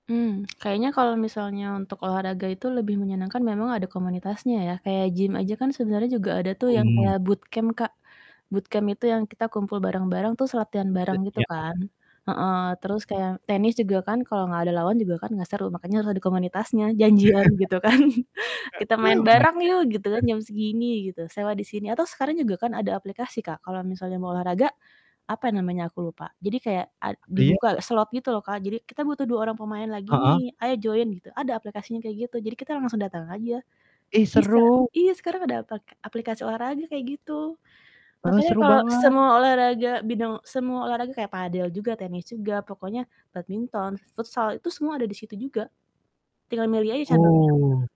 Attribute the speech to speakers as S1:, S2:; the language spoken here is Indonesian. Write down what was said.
S1: Mmm, kayaknya kalau misalnya untuk olahraga itu lebih menyenangkan memang ada komunitasnya ya, kayak gym aja kan sebenarnya juga ada tuh yang
S2: Mmm.
S1: kayak bootcamp Kak, bootcamp itu yang kita kumpul bareng-bareng, terus latihan
S2: E
S1: bareng gitu
S2: iya, ada.
S1: kan. Heeh, terus kayak tenis juga kan, kalau nggak ada lawan juga kan nggak seru, makanya harus ada komunitasnya, janjian gitu kan, "Kita main bareng yuk," gitu kan,
S2: [unintelligible] Juga?
S1: "jam segini," gitu. "Sewa di sini," atau sekarang juga kan ada aplikasi Kak, kalau misalnya mau olahraga, apa namanya aku lupa, jadi kayak ad
S2: Oh iya?
S1: dibuka slot gitu loh Kak. Jadi "Kita butuh 2 orang pemain lagi
S2: Heeh?
S1: nih, ayo join," gitu ada aplikasinya kayak gitu. Jadi kita langsung datang aja.
S2: Ih
S1: Bisa
S2: seru!
S1: iya, sekarang ada pake aplikasi olahraga, kayak gitu.
S2: Heeh,
S1: Makanya
S2: seru
S1: kalau
S2: banget.
S1: semua olahraga, bidang semua olahraga, kayak padel juga, tenis juga, pokoknya badminton, futsal itu semua ada di situ juga, tinggal milih aja cabangnya.
S2: Oh.